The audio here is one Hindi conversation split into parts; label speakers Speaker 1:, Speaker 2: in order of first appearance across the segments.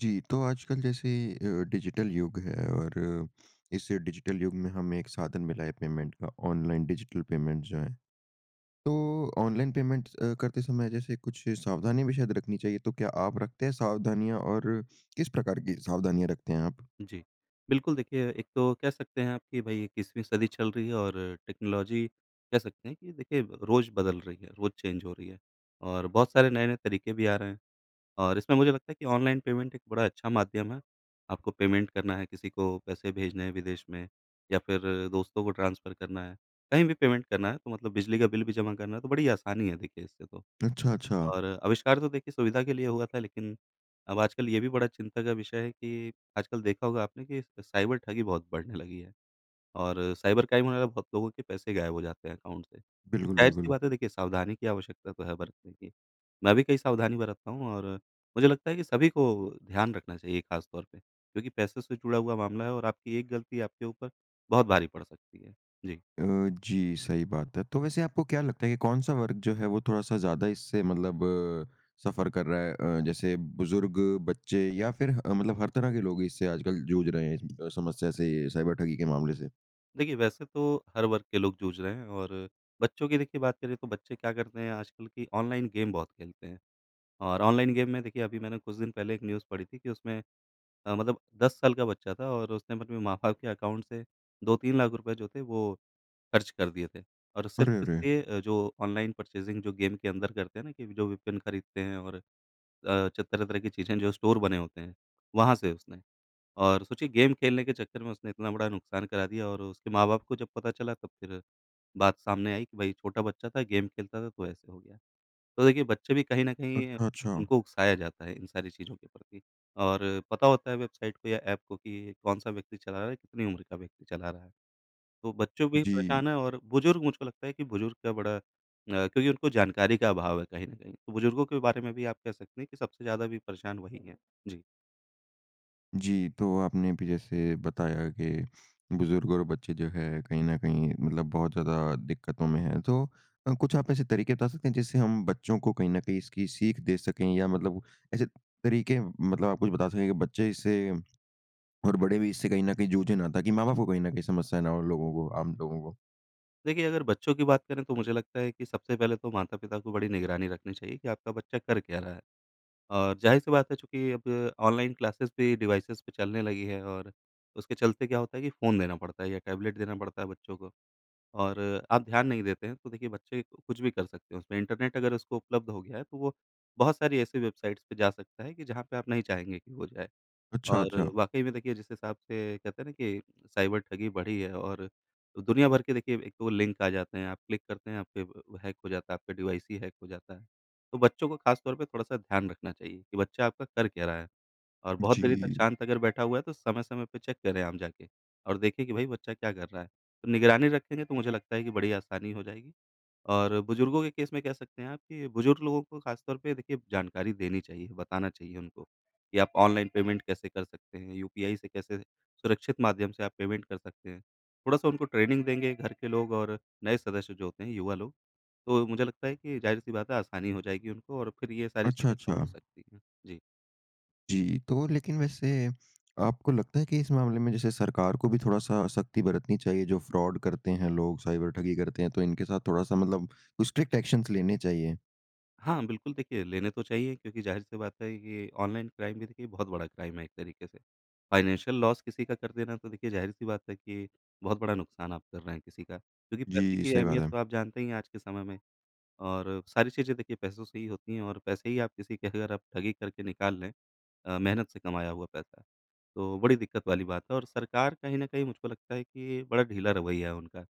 Speaker 1: जी। तो आजकल जैसे अ, डिजिटल युग है और इस डिजिटल युग में हमें एक साधन मिला है पेमेंट का ऑनलाइन डिजिटल पेमेंट्स जो हैं। तो ऑनलाइन पेमेंट्स अ, करते समय जैसे कुछ सावधानी हमें शायद रखनी चाहिए, तो क्या आप रखते हैं सावधानियाँ? और किस प्रकार की सावधानियाँ रखते हैं आप?
Speaker 2: जी। बिल्कुल देखिए, एक तो कह सकते हैं आप कि भई 21वीं सदी चल रही है और टेक्नोलॉज़ी कह सकते हैं कि देखिए रोज़ बदल रही है रोज़ चेंज हो रही है और बहुत सारे नए-नए तरीके भी आ रहे हैं। और इसमें मुझे लगता है कि ऑनलाइन पेमेंट एक बड़ा अच्छा माध्यम है आपको पेमेंट करना है किसी को पैसे भेजने हैं विदेश में या फ़िर दोस्तों को ट्रांसफर करना है कहीं भी पेमेंट करना है तो मतलब बिजली का बिल भी जमा करना है तो बड़ी आसानी है देखिए इससे तो।
Speaker 1: अच्छा, अच्छा।
Speaker 2: और आविष्कार तो देखिए सुविधा के लिए हुआ था लेकिन अब आजकल ये भी बड़ा चिंता का विषय है कि आजकल देखा होगा आपने कि साइबर ठगी बहुत बढ़ने लगी है। और साइबर क्राइम में बहुत लोगों के पैसे गायब हो जाते हैं अकाउंट से।
Speaker 1: बिल्कुल,
Speaker 2: ज़ाहिर-सी
Speaker 1: बिल्कुल।
Speaker 2: बात है देखिए, सावधानी की आवश्यकता तो है बरतने की, मैं भी कई सावधानी बरतता हूँ और मुझे लगता है कि सभी को ध्यान रखना चाहिए ख़ास तौर पे क्योंकि पैसों से जुड़ा हुआ मामला है और आपकी एक गलती आपके ऊपर बहुत भारी पड़ सकती है। जी।
Speaker 1: अ, जी। सही बात है। तो वैसे आपको क्या लगता है कि कौन-सा वर्ग जो है वो थोड़ा-सा ज्यादा इससे मतलब सफ़र कर रहा है अ, जैसे बुज़ुर्ग, बच्चे या फ़िर ह मतलब हर तरह के लोग इससे आजकल जूझ रहे हैं इस अ, समस्या से साइबर ठगी के मामले से?
Speaker 2: देखिए वैसे तो हर वर्ग के लोग जूझ रहे हैं और बच्चों की देखिए बात करें, तो बच्चे क्या करते हैं आजकल कि ऑनलाइन गेम बहुत खेलते हैं। और ऑनलाइन गेम में देखिए अभी मैंने कुछ दिन पहले एक न्यूज़ पढ़ी थी कि उसमें अ, मतलब 10 साल का बच्चा था और उसने अपने माँ-बाप के अकाउंट से ₹2-3 जो थे, वो खर्च कर दिए थे और
Speaker 1: अरे,
Speaker 2: सिर्फ़
Speaker 1: अरे!
Speaker 2: इसलिए जो ऑनलाइन परचेज़िंग जो गेम के अंदर करते हैं ना कि जो वेपन खरीदते हैं और अ, जो तरह-तरह की चीज़ें जो स्टोर बने होते हैं। वहाँ से उसने और सोचिए गेम खेलने के चक्कर में उसने इतना बड़ा नुकसान करा दिया और उसके माँ-बाप को जब पता चला, तब फिर बात सामने आई कि भाई छोटा बच्चा था गेम खेलता था, तो ऐसे हो गया। तो देखिए बच्चे भी कहीं न
Speaker 1: अच
Speaker 2: कहीं
Speaker 1: अच्छा।
Speaker 2: उनको उकसाया जाता है इन सारी चीज़ों के प्रति और पता होता है वेबसाइट को या ऐप को कि ये कौन-सा व्यक्ति चला रहा है, कितनी उम्र का व्यक्ति चला रहा है। तो बच्चों भी
Speaker 1: जी।
Speaker 2: परेशान है और बुज़ुर्ग मुझको लगता है कि बुज़ुर्ग का बड़ा अ, क्योंकि उनको जानकारी का अभाव है कहीं न कहीं, तो बुज़ुर्गों के बारे में भी आप कह सकते हैं कि सबसे ज़्यादा भी परेशान वही हैं। जी।
Speaker 1: जी। तो आपने अभी जैसे बताया कि बुज़ुर्ग और बच्चे जो हैं, कहीं न कहीं मतलब बहुत ज़्यादा दिक्कतों में हैं। तो अ, कुछ आप ऐसे तरीके बता सकते हैं, जिससे हम बच्चों को कहीं न कहीं इसकी सीख दे सकें या मतलब ऐसे तरीके, मतलब आप कुछ बता सकें कि बच्चे इससे और बड़े भी इससे कहीं न कहीं जूझे ना, ताकि माँ-बाप को कहीं न कहीं समस्याएँ ना हो? उन लोगों को आम लोगों को?
Speaker 2: देखिए अगर बच्चों की बात करें तो मुझे लगता है कि सबसे पहले तो माता-पिता को बड़ी निगरानी रखनी चाहिए कि आपका बच्चा कर क्या रहा है? और ज़ाहिर सी बात है चूँकि अब ऑनलाइन क्लासेज़ भी डिवाइसेज़ पे चलने लगी है और उसके चलते क्या होता है कि फ़ोन देना पड़ता है या टैबलेट देना पड़ता है बच्चों को। और आप ध्यान नहीं देते हैं तो देखिए बच्चे कुछ भी कर सकते हैं उसमें। इंटरनेट अगर उसको उपलब्ध हो गया है तो वो बहुत सारी ऐसी वेबसाइट्स पे जा सकता है कि जहाँ पर आप नहीं चाहेंगे कि वो जाए।
Speaker 1: अच्छा,
Speaker 2: और
Speaker 1: अच्छा।
Speaker 2: वाक़ई में देखिए जिस हिसाब से कहते हैं न कि साइबर ठगी बढ़ी है और दुनिया भर के देखिए एक तो लिंक आ जाते हैं आप क्लिक करते हैं आप के हैक हो जाता है, आपके डिवाइस ही हैक हो जाता है। तो बच्चों को ख़ास तौर पर थोड़ा-सा ध्यान रखना चाहिए, कि बच्चा आपका कर क्या रहा है? और बहुत देर तक
Speaker 1: जी।
Speaker 2: शांत अगर बैठा हुआ है तो समय-समय पे चेक करें आप जाके, और देखें कि भई बच्चा क्या कर रहा है? तो निगरानी रखेंगे तो मुझे लगता है कि बड़ी आसानी हो जाएगी। और बुजुर्गों के केस में कह सकते हैं आप कि बुजुर्ग लोगों को ख़ासतौर पे देखिए जानकारी देनी चाहिए बताना चाहिए उनको कि आप ऑनलाइन पेमेंट कैसे कर सकते हैं, यूपीआई से कैसे सुरक्षित माध्यम से आप पेमेंट कर सकते हैं। थोड़ा-सा उनको ट्रेनिंग देंगे घर के लोग और नए सदस्य जो होते हैं युवा लोग तो मुझे लगता है कि ज़ाहिर-सी बात है आसानी हो जाएगी उनको और फिर ये सारी
Speaker 1: अच्छा,
Speaker 2: चीज़ें कम हो
Speaker 1: अच्छा।
Speaker 2: सकती हैं। जी।
Speaker 1: जी। तो लेकिन वैसे आपको लगता है कि इस मामले में जैसे सरकार को भी थोड़ा-सा सख़्ती बरतनी चाहिए? जो फ्रॉड करते हैं लोग साइबर ठगी करते हैं तो इनके साथ थोड़ा-सा मतलब कुछ स्ट्रिक्ट एक्शन लेने चाहिए?
Speaker 2: हाँ। बिल्कुल देखिए, लेने तो चाहिए क्योंकि ज़ाहिर सी बात है कि ऑनलाइन क्राइम भी देखिए बहुत बड़ा क्राइम है एक तरीके से। फ़ाइनेंशियल लॉस किसी का कर देना तो देखिए ज़ाहिर-सी बात है कि, बहुत बड़ा नुकसान आप कर रहे हैं किसी का क्योंकि पैसे
Speaker 1: जी।
Speaker 2: की
Speaker 1: सही बात
Speaker 2: अहमियत
Speaker 1: है।
Speaker 2: तो आप जानते ही हैं आज के समय में और सारी चीज़ें देखिए पैसों से ही होती हैं और पैसे ही आप किसी के अगर आप ठगी करके निकाल लें अ, मेहनत से कमाया हुआ पैसा तो बड़ी दिक्कत वाली बात है। और सरकार कहीं न कहीं मुझको लगता है कि बड़ा ढीला रवैया है उनका।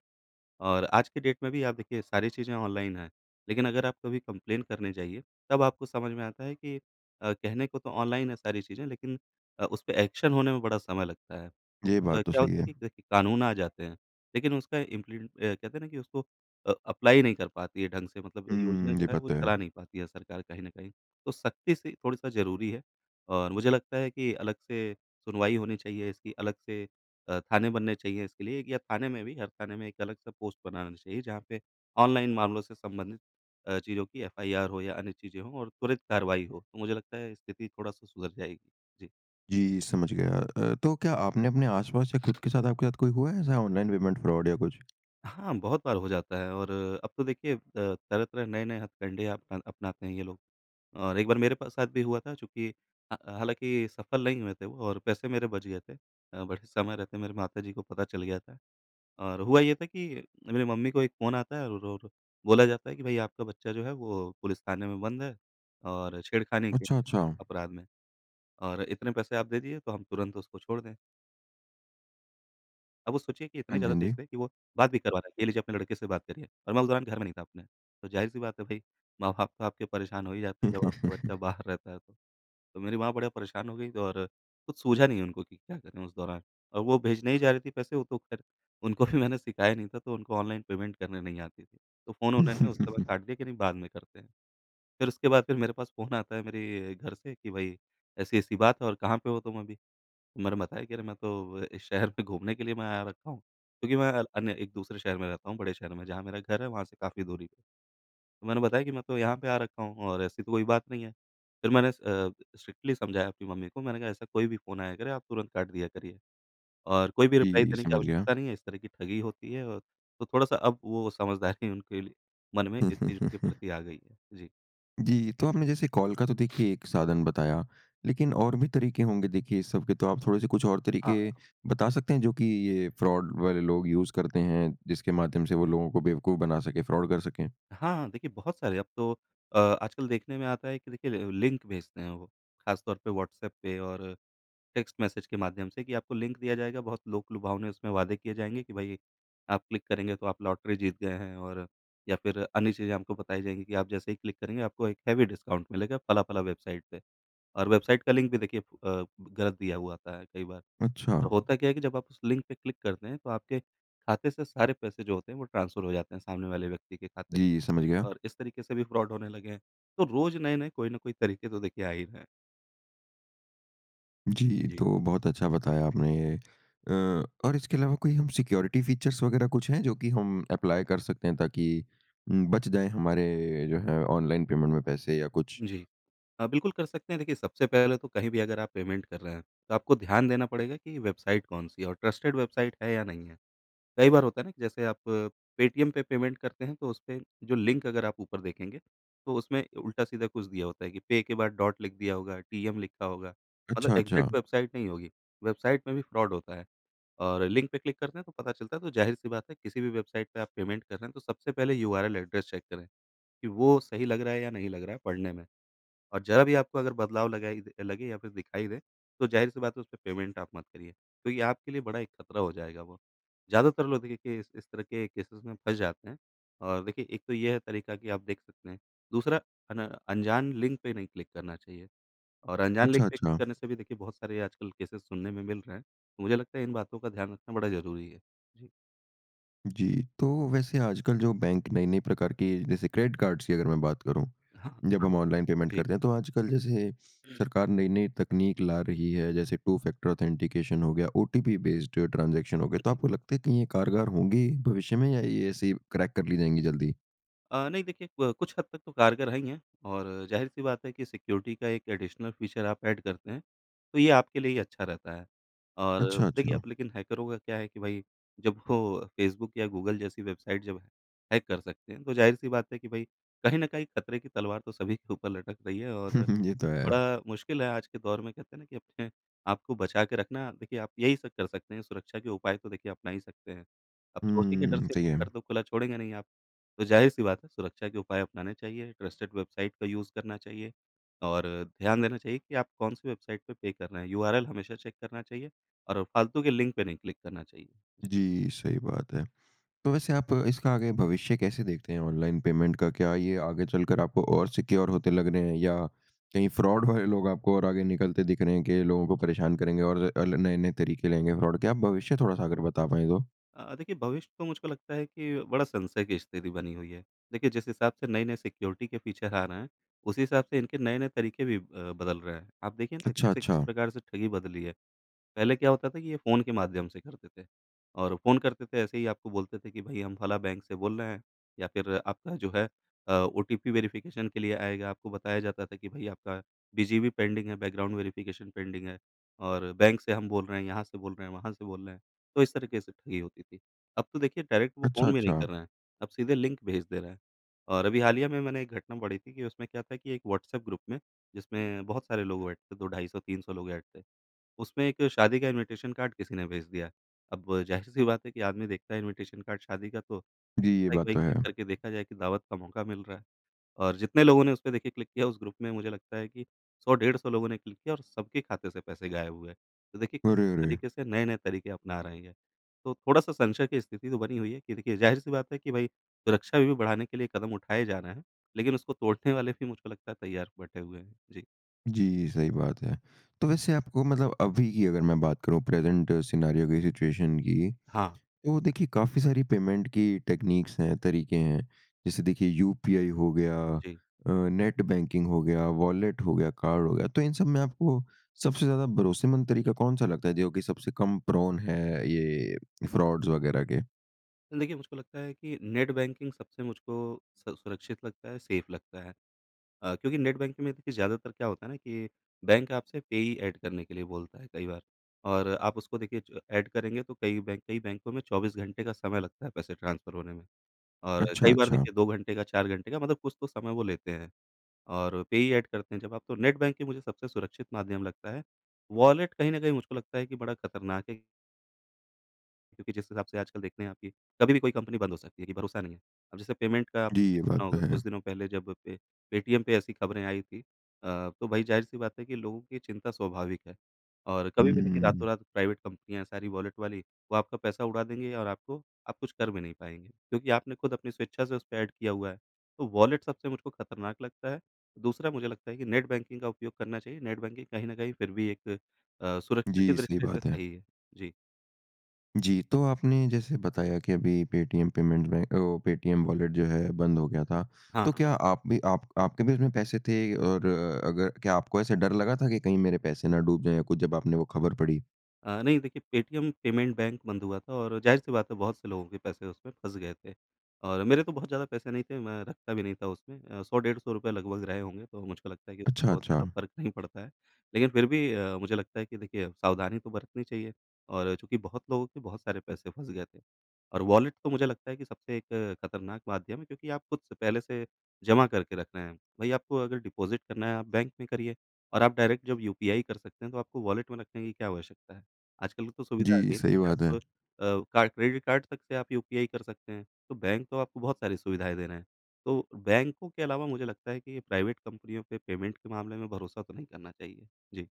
Speaker 2: और आज के डेट में भी आप देखिए सारी चीज़ें ऑनलाइन है लेकिन अगर आप कभी कंप्लेन करने जाइए तब आपको समझ में आता है कि अ, कहने को तो ऑनलाइन है सारी चीज़ें लेकिन अ, उसपे एक्शन होने में बड़ा समय लगता है। तो
Speaker 1: ये
Speaker 2: अ,
Speaker 1: बात तो
Speaker 2: क्या
Speaker 1: सही
Speaker 2: होता
Speaker 1: है।
Speaker 2: है कि, कानून आ जाते हैं लेकिन उसका इम्पली अ कहते हैं ना, कि उसको अ, अप्लाई नहीं कर पाती है ढँग से मतलब योजना
Speaker 1: हुँ।
Speaker 2: जो
Speaker 1: ये
Speaker 2: है वो
Speaker 1: पता
Speaker 2: चला
Speaker 1: है।
Speaker 2: नहीं पाती है सरकार कहीं न कहीं। तो सख़्ती सी थोड़ा-सा ज़रूरी है। और मुझे लगता है कि अलग से सुनवाई होनी चाहिए इसकी अलग से अ, थाने बनने चाहिए इसके लिए, या थाने में भी हर थाने में एक अलग से पोस्ट बनाना चाहिए जहाँ पे ऑनलाइन मामलों से संबंधित अ, चीज़ों की एफआईआर हो या अन्य चीज़ें हों और त्वरित कार्रवाई हो तो मुझे लगता है स्थिति थोड़ा-सा सुधर जाएगी। जी।
Speaker 1: जी समझ गया। अ, तो क्या आपने अपने आस-पास या खुद के साथ, आपके साथ कोई हुआ है ऐसा ऑनलाइन पेमेंट फ्रॉड या कुछ?
Speaker 2: हाँ, बहुत बार हो जाता है और अब तो देखिए अ, तरह-तरह, नए-नए हथकंडे अपना अपनाते हैं ये लोग। और एक बार मेरे पास साथ भी हुआ था, चूँकि हा हालाँकि सफल नहीं हुए थे वो और पैसे मेरे बच गए थे। अ, बट समय रहते मेरे माता जी को पता चल गया था। और हुआ ये था कि मेरी मम्मी को एक फ़ोन आता है और और बोला जाता है कि भई आपका बच्चा जो है, वो पुलिस थाने में बंद है और छेड़खानी के
Speaker 1: अच्छा, अच्छा।
Speaker 2: अपराध में और इतने पैसे आप दे दिए, तो हम तुरंत उसको छोड़ दें। अब वो सोचिए कि इतने
Speaker 1: हाँ जी,
Speaker 2: ज़्यादा
Speaker 1: हाँ
Speaker 2: तेज़
Speaker 1: जी।
Speaker 2: थे कि वो बात भी करवाना है, ये लीजिए अपने लड़के से बात करिए और मैं उस दौरान घर में नहीं था अपने। तो जाहिर सी बात है भई माँ-बाप तो आपके परेशान हो ही जाते हैं, जब आपका बच्चा बाहर रहता है, तो। तो मेरी माँ बड़ी परेशान हो गई और कुछ सूझा नहीं उनको कि क्या करें उस दौरान और वो भेजने ही जा रही थी पैसे। वो तो ख़ैर उनको अभी मैंने सिखाया नहीं था, तो उनको ऑनलाइन पेमेंट करने नहीं आती थी। तो फ़ोन उन्होंने उस समय काट दिया कि नहीं बाद में करते हैं। फिर उसके बाद फिर मेरे पास फ़ोन आता है मेरे घर से कि भई ऐसी-ऐसी बात है और कहाँ पे हो तुम अभी। मैंने बताया कि अरे! मैं तो अ, इस शहर में घूमने के लिए मैं आया रखा हूँ। क्योंकि मैं अ, अन्य एक-दूसरे शहर में रहता हूँ, बड़े शहर में जहाँ मेरा घर है वहाँ से काफ़ी दूरी पे। तो मैंने बताया कि मैं तो यहाँ पे आ रखा हूँ और ऐसी तो कोई बात नहीं है। फिर मैंने अ, स स्ट्रिक्टली समझाया अपनी मम्मी को। मैंने कहा ऐसा कोई भी फ़ोन आया करे, आप तुरंत काट दिया करिए और कोई भी रिप्लाई
Speaker 1: जी,
Speaker 2: देने की
Speaker 1: समझ गया।
Speaker 2: आवश्यकता नहीं है। इस तरह की ठगी होती है और तो थोड़ा-सा अब वो समझदारी उनके मन में इस चीज़ों के प्रति आ गई है जी।
Speaker 1: जी। तो आपने जैसे कॉल का तो देखिए एक साधन बताया लेकिन और भी तरीके होंगे देखिए इस सब के। तो आप थोड़े-से कुछ और
Speaker 2: हाँ,
Speaker 1: तरीके
Speaker 2: हाँ।
Speaker 1: बता सकते हैं जो कि ये फ्रॉड वाले लोग यूज़ करते हैं जिसके माध्यम से वो लोगों को बेवकूफ बना सकें, फ्रॉड कर सकें?
Speaker 2: हाँ, हाँ। देखिए बहुत सारे अब तो अ, आजकल देखने में आता है कि देखिए ल लिंक भेजते हैं वो ख़ासतौर पे व्हाट्सएप पे और टेक्स्ट मैसेज के माध्यम से कि आपको लिंक दिया जाएगा बहुत लोक-लुभावने उसमें वादे किए जाएँगे कि भाई, आप क्लिक करेंगे तो आप लॉटरी जीत गए हैं और या फिर अन्य चीज़ें आपको बताई जाएँगी कि आप जैसे ही क्लिक करेंगे आपको एक हेवी डिस्काउंट मिलेगा फला-फला वेबसाइट पे। और वेबसाइट का लिंक भी देखिए अ, गलत दिया हुआ आता है कई बार।
Speaker 1: अच्छा।
Speaker 2: तो होता क्या है कि जब आप उस लिंक पे क्लिक करते हैं तो आपके खाते से सारे पैसे जो होते हैं वो ट्रांसफर हो जाते हैं सामने वाले व्यक्ति के खाते
Speaker 1: जी। समझ गया।
Speaker 2: में और इस तरीके से भी फ्रॉड होने लगे हैं। तो रोज़ नए-नए कोई न कोई तरीके तो देखिए आ ही रहे हैं।
Speaker 1: जी।
Speaker 2: जी।
Speaker 1: तो बहुत अच्छा बताया आपने। अ, और इसके अलावा कोई सिक्योरिटी फीचर्स वग़ैरह कुछ हैं जो की हम अप्लाई कर सकते हैं ताकि म बच जाए हमारे जो हैं ऑनलाइन पेमेंट में पैसे या कुछ?
Speaker 2: जी। हाँ, बिल्कुल कर सकते हैं। देखिए सबसे पहले तो कहीं भी अगर आप पेमेंट कर रहे हैं तो आपको ध्यान देना पड़ेगा कि वेबसाइट कौन-सी है और ट्रस्टेड वेबसाइट है या नहीं है। कई बार होता है न कि जैसे आप पेटीएम पे पेमेंट करते हैं तो उसपे जो लिंक अगर आप ऊपर देखेंगे तो उसमें उल्टा-सीधा कुछ दिया होता है कि पे के बाद डॉट लिख दिया होगा, टीएम लिखा होगा। मतलब
Speaker 1: अच्छा, अच्छा।
Speaker 2: एग्जैक्ट वेबसाइट नहीं होगी। वेबसाइट में भी फ्रॉड होता है और लिंक पे क्लिक करते हैं तो पता चलता है। तो ज़ाहिर-सी बात है किसी भी वेबसाइट पे आप पेमेंट कर रहे हैं तो सबसे पहले यूआरएल एड्रेस चेक करें। कि वो सही लग रहा है या नहीं लग रहा है पढ़ने में। और ज़रा भी आपको अगर बदलाव लगा लगे या फिर दिखाई दे तो ज़ाहिर-सी बात है उस पे पेमेंट आप मत करिए क्योंकि आपके लिए बड़ा एक खतरा हो जाएगा वो। ज़्यादातर लोग देखिए कि इस तरह के केसेज़ में फंस जाते हैं। और देखिए एक तो ये है तरीका कि आप देख सकते हैं। दूसरा अन अनजान लिंक पे नहीं क्लिक करना चाहिए और अनजान लिंक
Speaker 1: अच्छा,
Speaker 2: पे क्लिक
Speaker 1: अच्छा।
Speaker 2: करने से भी देखिए बहुत सारे आजकल केसेज़ सुनने में मिल रहे हैं तो मुझे लगता है इन बातों का ध्यान रखना बड़ा ज़रूरी है। जी।
Speaker 1: जी। तो वैसे आजकल जो बैंक नई-नई प्रकार के जैसे क्रेडिट कार्ड्स की अगर मैं बात करूँ। जब हम ऑनलाइन पेमेंट
Speaker 2: जी।
Speaker 1: करते हैं, तो आजकल जैसे सरकार नई-नई तकनीक ला रही है जैसे टू-फैक्टर ऑथेंटिकेशन हो गया ओटीपी बेस्ड ट्रांजेक्शन हो गया तो
Speaker 2: [unintelligible]
Speaker 1: आपको लगता है कि ये कारगर होंगी, भविष्य में या ये ऐसे ही क्रैक कर ली जाएँगी जल्दी?
Speaker 2: अ, नहीं। देखिए, क कुछ हद तक तो कारगर है ही है। और ज़ाहिर सी बात है कि सिक्योरिटी का एक एडिशनल फ़ीचर आप एड करते हैं, तो ये आपके लिए ही अच्छा रहता है। और
Speaker 1: अच्छा,
Speaker 2: देखिए, अब
Speaker 1: अच्छा।
Speaker 2: लेकिन हैकरों का क्या है कि भई जब वो फेसबुक या गूगल जैसी वेबसाइट जब हैक कर सकते हैं तो ज़ाहिर सी बात है कि भई कहीं न कहीं ख़तरे की तलवार तो सभी के ऊपर लटक रही है। और
Speaker 1: ये तो है।
Speaker 2: बड़ा मुश्किल है आज के दौर में कहते हैं ना, कि अपने आपको बचा के रखना देखिए, आप यही सब कर सकते हैं सुरक्षा के उपाय तो देखिए अपना ही सकते हैं। अब चोरी के डर
Speaker 1: हुँ।
Speaker 2: से
Speaker 1: सही
Speaker 2: घर
Speaker 1: है।
Speaker 2: तो खुला छोड़ेंगे नहीं आप। तो ज़ाहिर-सी बात है सुरक्षा के उपाय अपनाने चाहिए, ट्रस्टेड वेबसाइट का यूज़ करना चाहिए और ध्यान देना चाहिए कि आप कौन-सी वेबसाइट पे, पे कर रहे हैं? यूआरएल हमेशा चेक करना चाहिए और फ़ालतू के लिंक पे नहीं क्लिक करना चाहिए। जी।
Speaker 1: जी, सही बात है। तो वैसे आप इसका आगे भविष्य कैसे देखते हैं ऑनलाइन पेमेंट का क्या ये आगे चलकर आपको और सिक्योर होते लग रहे हैं? या कहीं फ्रॉड वाले लोग आपको और आगे निकलते दिख रहे हैं, के लोगों को परेशान करेंगे और अ, ल नए-नए तरीके लाएँगे फ्रॉड के? क्या आप भविष्य थोड़ा-सा अगर बता पाए तो?
Speaker 2: अ अ, देखिए भविष्य तो मुझको लगता है कि बड़ा संशय की स्थिति बनी हुई है। देखिए जिस हिसाब से नए-नए सिक्योरिटी के फ़ीचर आ रहे हैं उसी हिसाब से इनके नए-नए तरीके भी अ, बदल रहे हैं। आप देखिए ना
Speaker 1: अच्छा,
Speaker 2: कैसे किस
Speaker 1: अच्छा।
Speaker 2: प्रकार से ठगी बदली है। पहले क्या होता था कि, ये फ़ोन के माध्यम से करते थे और फ़ोन करते थे ऐसे ही आपको बोलते थे, कि भई हम फलाँ बैंक से बोल रहे हैं। या फ़िर आपका जो है अ, ओटीपी वेरिफ़िकेशन के लिए आएगा आपको बताया जाता था कि भाई आपका बीजीपी पेंडिंग है बैकग्राउंड वेरिफ़िकेशन पेंडिंग है और बैंक से हम बोल रहे हैं यहाँ से बोल रहे हैं वहाँ से बोल रहे हैं तो इस तरीके से ठगी होती थी। अब तो देखिए डायरेक्ट वो
Speaker 1: अच्छा,
Speaker 2: फ़ोन भी नहीं
Speaker 1: अच्छा।
Speaker 2: कर रहे हैं अब सीधे लिंक भेज दे रहे है। और अभी हालिया में मैंने एक घटना पढ़ी थी, कि उसमें क्या था कि एक व्हाट्सऐप ग्रुप में जिसमें बहुत सारे लोग ऐड थे 2-250 300 लोग ऐड थे उसमें एक शादी का इनविटेशन कार्ड किसी ने भेज दिया। अब ज़ाहिर सी बात है कि आदमी देखता है इनविटेशन कार्ड शादी का तो
Speaker 1: जी। ये
Speaker 2: [unintelligible]
Speaker 1: बात
Speaker 2: भई
Speaker 1: तो
Speaker 2: क्लिक
Speaker 1: है।
Speaker 2: करके देखा जाए कि दावत का मौका मिल रहा है। और जितने लोगों ने उसपे देखिए क्लिक किया उस ग्रुप में मुझे लगता है कि 100-150 लोगों ने क्लिक किया और सब खाते से पैसे गायब हुए हैं। तो देखिए किस
Speaker 1: अरे! अरे!
Speaker 2: तरीके से नए-नए तरीके अपना रहे हैं। तो थोड़ा-सा संशय की स्थिति तो बनी हुई है कि देखिए ज़ाहिर-सी बात है कि भई सुरक्षा भी बढ़ाने के लिए कदम उठाए जा रहे हैं। लेकिन उसको तोड़ने वाले भी मुझको लगता है तैयार बैठे हुए हैं। जी।
Speaker 1: जी, ये सही बात है। तो वैसे आपको मतलब अभी की अगर मैं बात करूँ प्रेज़ेंट सिनेरियो की, सिचुएशन की
Speaker 2: हाँ।
Speaker 1: तो देखिए काफ़ी सारी पेमेंट की टेक्नीक्स है, तरीके हैं। जैसे देखिए यूपीआई हो गया
Speaker 2: जी।
Speaker 1: अ, नेट बैंकिंग हो गया, वॉलेट हो गया, कार्ड हो गया तो इन सब में आपको सबसे ज़्यादा भरोसेमंद तरीका कौन-सा लगता है, जो कि सबसे कम प्रोन है ये फ्रॉड्स वग़ैरह के?
Speaker 2: देखिए, मुझको लगता है कि नेट बैंकिंग सबसे मुझको स सुरक्षित लगता है, सेफ़ लगता है। अ, क्योंकि नेट बैंकिंग में देखिए ज़्यादातर क्या होता है ना कि बैंक आपसे पेयी ऐड करने के लिए बोलता है कई बार और आप उसको देखिए ऐड करेंगे तो कई बैंक कई बैंकों में 24 घंटे का समय लगता है पैसे ट्रांसफ़र होने में और
Speaker 1: अच्छा,
Speaker 2: कई बार
Speaker 1: अच्छा।
Speaker 2: देखिए 2 घंटे का, 4 घंटे का मतलब कुछ तो समय वो लेते हैं और पेयी ऐड करते हैं जब आप तो नेट बैंकिंग मुझे सबसे सुरक्षित माध्यम लगता है, वॉलेट कहीं न कहीं मुझको लगता है कि बड़ा ख़तरनाक है क्योंकि जिस हिसाब से आजकल देखते हैं आप कि कभी कोई कंपनी बंद हो सकती है कि भरोसा नहीं है। अब जैसे पेमेंट का
Speaker 1: जी,
Speaker 2: आपने
Speaker 1: ये बात
Speaker 2: सुना
Speaker 1: तो
Speaker 2: होगा
Speaker 1: है।
Speaker 2: कुछ दिनों पे पहले जब पे पेटीएम ऐसी ख़बरें आई थी अ, तो भई ज़ाहिर-सी बात है कि लोगों की चिंता स्वाभाविक है और कभी भी देखिए
Speaker 1: हुँ।
Speaker 2: रातों-रात प्राइवेट कंपनियाँ है सारी वॉलेट वाली वो आपका पैसा उड़ा देंगे और आपको आप कुछ कर भी नहीं पाएँगे क्योंकि आपने ख़ुद अपनी स्वेच्छा से उसपे ऐड किया हुआ है, तो वॉलेट सबसे मुझको ख़तरनाक लगता है। दूसरा मुझे लगता है कि नेट बैंकिंग का उपयोग करना चाहिए, नेट बैंकिंग कहीं न कहीं फिर भी एक अ, सुरक्षा की
Speaker 1: जी, सही
Speaker 2: दृष्टि से
Speaker 1: बात है।
Speaker 2: सही है। जी।
Speaker 1: जी, तो आपने जैसे बताया कि अभी पेटीएम पेमेंट बैं अ, पेटीएम वॉलेट जो है बंद हो गया था।
Speaker 2: हाँ।
Speaker 1: तो क्या आप भी आप आपके भी उसमें पैसे थे और अगर क्या आपको ऐसे डर लगा था कि कहीं मेरे पैसे ना डूब जाए या कुछ जब आपने वों खबर पढ़ी?
Speaker 2: अ, नहीं देखिए पेटीएम पेमेंट बैंक बंद हुआ था और जाहिर-सी बात है बहुत से लोगों के पैसे उसमें फँस गए थे और मेरे तो बहुत ज़्यादा पैसे नहीं थे। मैं रखता भी नहीं था उसमें। अ, 100 डेढ़ 100 रुपए लगभग रहे होंगे तो मुझको लगता है कि
Speaker 1: अच्छा,
Speaker 2: बहुत ज़्यादा
Speaker 1: अच्छा।
Speaker 2: फ़र्क नहीं पड़ता है लेकिन फिर भी। अ, मुझे लगता है कि देखिए सावधानी तो बरतनी चाहिए और चूँकि बहुत लोगों के बहुत सारे पैसे फस गए थे और वॉलेट तो मुझे लगता है कि सबसे एक खतरनाक माध्यम है क्योंकि आप खुद से पहले से जमा करके रख रहे हैं। वहीं आपको अगर डिपॉजिट करना है आप बैंक में करिए और आप डायरेक्ट जब यूपीआई कर सकते हैं तो आपको वॉलेट में रखने की क्या आवश्यकता हैं। आजकल तो सुविधा आ
Speaker 1: जी,
Speaker 2: गई है
Speaker 1: सही बात हैं।
Speaker 2: आप अ, का क्रेडिट कार्ड तक से आप यूपीआई कर सकते हैं तो बैंक तो आपको बहुत सारी सुविधाएँ दे रहे है तो बैंकों के अलावा मुझे लगता है कि प्राइवेट कंपनियों पे पेमेंट के मामले में भरोसा तो नहीं करना चाहिए। जी।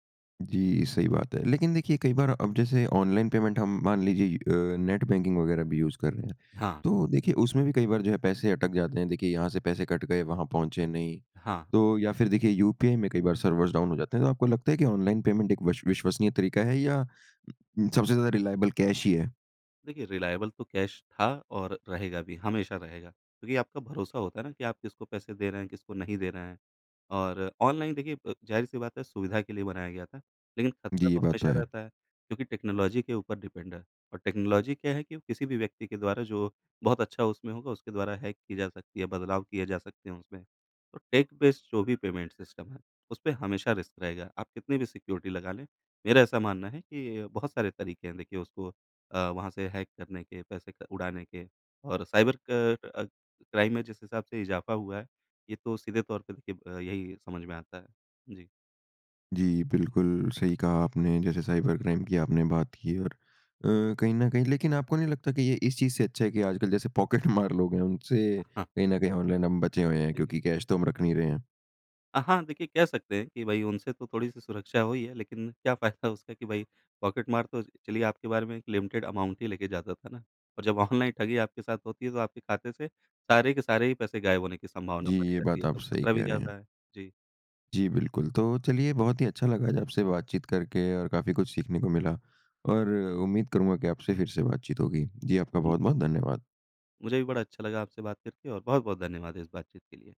Speaker 1: जी, सही बात हैं। लेकिन देखिए कई बार अब जैसे ऑनलाइन पेमेंट हम मान लीजिए अ, नेट बैंकिंग वगैरह भी यूज़ कर रहे हैं।
Speaker 2: हाँ।
Speaker 1: तो देखिए उसमें भी कई बार जो है पैसे अटक जाते हैं। देखिए यहाँ से पैसे कट गए वहाँ पहुँचे नहीं।
Speaker 2: हाँ।
Speaker 1: तो या फिर देखिए यूपीआई में कई बार सर्वर्स डाउन हो जाते हैं। तो आपको लगता है कि ऑनलाइन पेमेंट एक वश विश्वसनीय तरीका हैं या सबसे ज्यादा रिलाएबल कैश ही हैं?
Speaker 2: देखिए रिलाएबल तो कैश था और रहेगा भी हमेशा रहेगा। क्योंकि आपका भरोसा होता है ना, कि आप किसको पैसे दे रहे हैं किसको नहीं दे रहे हैं और ऑनलाइन देखिए अ, ज़ाहिर-सी बात है सुविधा के लिए बनाया गया था। लेकिन
Speaker 1: जी।
Speaker 2: ख़तरा
Speaker 1: ये
Speaker 2: तो
Speaker 1: बात तो
Speaker 2: हमेशा
Speaker 1: है।
Speaker 2: रहता है क्योंकि टेक्नोलॉज़ी के ऊपर डिपेंड है। और टेक्नोलॉज़ी क्या है कि वो किसी भी व्यक्ति के द्वारा जो बहुत अच्छा उसमें होगा उसके द्वारा हैक की जा सकती है, बदलाव किए जा सकते हैं उसमें। तो टेक-बेस्ड जो भी पेमेंट सिस्टम है उसपे हमेशा रिस्क रहेगा। आप कितनी भी सिक्योरिटी लगा लें, मेरा ऐसा मानना है कि बहुत सारे तरीके हैं देखिए उसको अ, वहाँ से हैक करने के पैसे क उड़ाने के और साइबर क अ, क्राइम में जिस हिसाब से इज़ाफ़ा हुआ है, ये तो सीधे तौर पर देखिए, अब यहीं समझ में आता है। जी।
Speaker 1: जी। बिल्कुल सही कहा आपने जैसे साइबर-क्राइम की आपने बात की और अ, कहीं न कहीं लेकिन आपको नहीं लगता कि ये इस चीज़ से अच्छा है कि आजकल जैसे पॉकेटमार लोग हैं उनसे
Speaker 2: हाँ।
Speaker 1: कहीं न कहीं ऑनलाइन हम बचे हुए हैं
Speaker 2: जी।
Speaker 1: क्योंकि कैश तो हम रख नहीं रहे हैं?
Speaker 2: अ, हाँ। देखिए, कह सकते हैं कि, भई उनसे तो थोड़ी-सी सुरक्षा हुई है। लेकिन क्या फ़ायदा उसका कि भाई पॉकेटमार, तो चलिए आपके बारे में एक लिमिटेड अमाउंट ही लेके जाता था ना? और जब ऑनलाइन ठगी आपके साथ होती है तो आपके खाते से सारे के सारे ही पैसे गायब होने की संभावना
Speaker 1: जी।
Speaker 2: बनी
Speaker 1: ये
Speaker 2: रहती
Speaker 1: बात
Speaker 2: है
Speaker 1: आप
Speaker 2: तो
Speaker 1: सही
Speaker 2: ख़तरा भी
Speaker 1: कह रहे हैं।
Speaker 2: ज़्यादा है। जी।
Speaker 1: जी। बिल्कुल तो चलिए बहुत ही अच्छा लगा आज आपसे बातचीत करके और काफ़ी कुछ सीखने को मिला और उम्मीद करूँगा कि, आपसे फ़िर से बातचीत होगी। जी, आपका
Speaker 2: उ
Speaker 1: बहुत-बहुत धन्यवाद।
Speaker 2: मुझे भी बड़ा अच्छा लगा आपसे बात करके और बहुत-बहुत धन्यवाद इस बातचीत के लिए।